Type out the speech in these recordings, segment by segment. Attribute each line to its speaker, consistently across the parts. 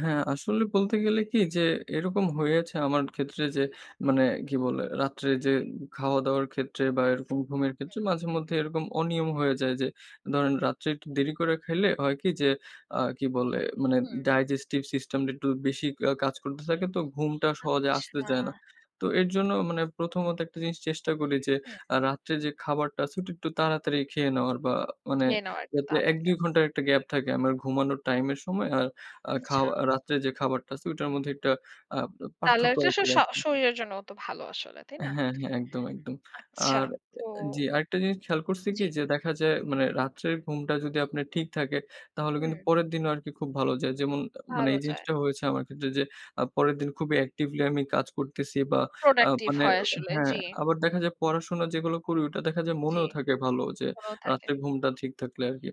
Speaker 1: হ্যাঁ, আসলে বলতে গেলে কি যে, এরকম হয়েছে আমার ক্ষেত্রে। যে, মানে
Speaker 2: হুম।
Speaker 1: কি বলে রাত্রে যে, খাওয়া-দাওয়ার ক্ষেত্রে বা এরকম ঘুমের ক্ষেত্রে
Speaker 2: হুম।
Speaker 1: মাঝেমধ্যে এরকম অনিয়ম হয়ে যায়। যে, ধরেন রাত্রে একটু দেরি করে খাইলে, হয় কি যে, আ কি বলে মানে
Speaker 2: হুম।
Speaker 1: digestive system টা একটু বেশি কা কাজ করতে থাকে তো ঘুমটা সহজে আসতে
Speaker 2: আচ্ছা।
Speaker 1: চায় না। তো এর জন্য মানে প্রথমত একটা জিনিস চেষ্টা করি, যে,
Speaker 2: হুম।
Speaker 1: আ রাত্রে যে, খাবারটা আছে ওইটা একটু তাড়াতাড়ি খেয়ে নেওয়ার বা মানে
Speaker 2: খেয়ে নাউ একটু
Speaker 1: যাতে এক
Speaker 2: তাড়াতাড়ি
Speaker 1: দুই ঘন্টার
Speaker 2: আচ্ছা।
Speaker 1: একটা গ্যাপ থাকে আমার ঘুমানোর টাইমের সময় আর আ
Speaker 2: আচ্ছা।
Speaker 1: খাওয়া রাত্রে যে, খাবারটা আছে ওটার মধ্যে একটা আব আ
Speaker 2: তাহলে
Speaker 1: পার্থক্য
Speaker 2: ওইটা
Speaker 1: রাখি
Speaker 2: স
Speaker 1: আরকি।
Speaker 2: শরীরের জন্যও তো ভালো আসলে, তাই
Speaker 1: হ্যাঁ,
Speaker 2: না?
Speaker 1: হ্যাঁ। একদম, একদম।
Speaker 2: আচ্ছা
Speaker 1: আর অ্যা
Speaker 2: তো
Speaker 1: অ্যা জি। আরেকটা জিনিস খেয়াল করছি
Speaker 2: জি।
Speaker 1: কি যে, দেখা যায় মানে রাত্রের ঘুমটা যদি আপনার ঠিক থাকে তাহলে কিন্তু
Speaker 2: হুম।
Speaker 1: পরের দিনও আরকি খুব ভালো যায়। যেমন আ মানে
Speaker 2: ভালো
Speaker 1: এই
Speaker 2: যায়।
Speaker 1: জিনিসটা হয়েছে আমার ক্ষেত্রে যে, আ পরের দিন খুবই actively আমি কাজ করতেছি বা আ
Speaker 2: productive
Speaker 1: মানে
Speaker 2: হয় আসলে।
Speaker 1: হ্যাঁ,
Speaker 2: জি।
Speaker 1: আবার দেখা যায় পড়াশোনা যেগুলো করি ওটা দেখা যায়
Speaker 2: জি,
Speaker 1: মনেও থাকে ভালো যে,
Speaker 2: ওরাও থাকে।
Speaker 1: রাত্রে ঘুমটা ঠিক থাকলে আরকি।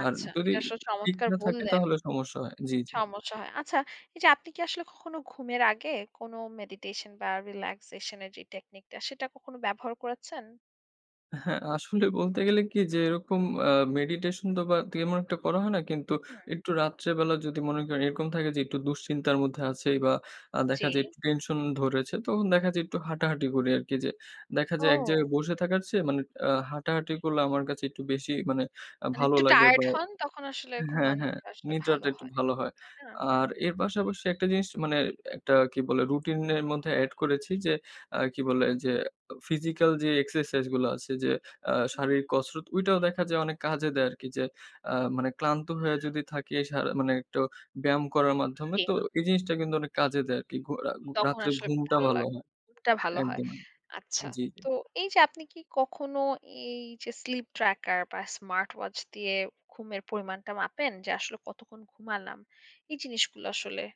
Speaker 1: আর
Speaker 2: আচ্ছা
Speaker 1: যদি
Speaker 2: এটা আসলে
Speaker 1: ঠিক
Speaker 2: চমৎকার
Speaker 1: না থাকে
Speaker 2: বললেন!
Speaker 1: তাহলে সমস্যা হয়। জি, জি।
Speaker 2: সমস্যা হয়। আচ্ছা এই যে, আপনি কি আসলে কখনো ঘুমের আগে কোন meditation বা relaxation এর যেই technique টা সেটা কখনো ব্যবহার করেছেন?
Speaker 1: অ্যা হ্যাঁ। আসলে বলতে গেলে কি যে, এরকম আ meditation তো বা তেমন এমন একটা করা হয় না কিন্তু
Speaker 2: হুম।
Speaker 1: একটু রাত্রে বেলা যদি মনে করেন এরকম থাকে যে, একটু দুশ্চিন্তার মধ্যে আছি বা আ
Speaker 2: জি।
Speaker 1: দেখা যায় একটু টেনশন ধরেছে তখন দেখা যায় একটু হাঁটাহাঁটি করি আরকি। যে, দেখা যায় এক জায়গায়
Speaker 2: ও।
Speaker 1: বসে থাকার চেয়ে মানে আ হাঁটাহাঁটি করলে আমার কাছে একটু বেশি মানে আ
Speaker 2: মানে
Speaker 1: ভালো
Speaker 2: একটু
Speaker 1: লাগে
Speaker 2: টায়ার্ড
Speaker 1: বা
Speaker 2: হন তখন আসলে
Speaker 1: হ্যাঁ, হ্যাঁ,
Speaker 2: ঘুমানোটা আসলে ভালো
Speaker 1: নিদ্রাটা একটু
Speaker 2: হয়,
Speaker 1: ভালো হয়।
Speaker 2: তাইনা?
Speaker 1: আর
Speaker 2: হুম।
Speaker 1: এর পাশাপাশি একটা জিনিস মানে একটা কি বলে রুটিন এর মধ্যে এড করেছি। যে, আ কি বলে? যে, আ physical যেই exercise গুলা আছে যে, আ
Speaker 2: হুম।
Speaker 1: শারীরিক কসরত ঐটাও দেখা যায় অনেক কাজে দেয় আরকি। যে, আ মানে ক্লান্ত হয়া যদি থাকি এ সারা মানে একটু ব্যায়াম করার মাধ্যমে
Speaker 2: জি।
Speaker 1: তো এই জিনিসটা কিন্তু অনেক কাজে দেয় আরকি। ঘুয়া
Speaker 2: তখন
Speaker 1: রাত্রে
Speaker 2: আসলে
Speaker 1: ঘুমটা
Speaker 2: ভালো
Speaker 1: ভালো
Speaker 2: লাগে।
Speaker 1: হয়।
Speaker 2: টা ভালো হয়।
Speaker 1: একদম।
Speaker 2: আচ্ছা।
Speaker 1: জি, জি।
Speaker 2: তো এই যে, আপনি কি কখনো এই যে, sleep tracker বা স্মার্ট ওয়াচ দিয়ে ঘুমের পরিমাণটা মাপেন? যে, আসলে কতক্ষণ ঘুমালাম। এই জিনিসগুলো আসলে